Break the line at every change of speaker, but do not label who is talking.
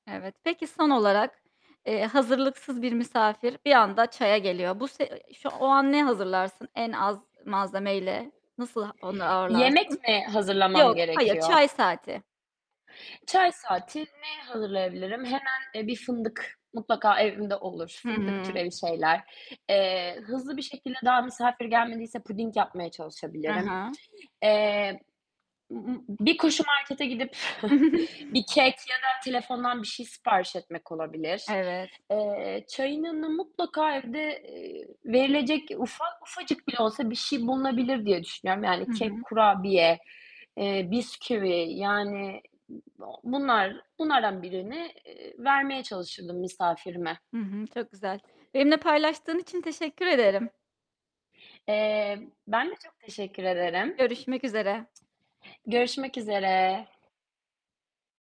Evet. Peki son olarak, eee, hazırlıksız bir misafir bir anda çaya geliyor. Bu se şu o an ne hazırlarsın en az malzemeyle? Nasıl onu
Yemek
ağırlarsın?
mi
Yok,
hazırlamam
hayır,
gerekiyor?
çay saati.
Çay saati ne hazırlayabilirim? Hemen bir fındık mutlaka evimde olur,
Hı
fındık
hı.
türevi şeyler. Eee, hızlı bir şekilde daha misafir gelmediyse puding yapmaya
Hı
çalışabilirim.
hı.
Eee, ı ı bir koşu markete gidip bir kek ya da telefondan bir şey sipariş etmek olabilir.
Evet.
Eee, çayın yanına mutlaka evde, eee, verilecek ufak, ufacık bile olsa bir şey bulunabilir diye düşünüyorum. Yani
Hı
kek,
hı.
kurabiye, eee, bisküvi, yani, ı o bunlar, bunlardan birini, eee, vermeye çalışırdım misafirime.
Hı hı, çok güzel. Benimle paylaştığın için teşekkür ederim.
Eee, ben de çok teşekkür ederim.
Görüşmek üzere.
Görüşmek üzere.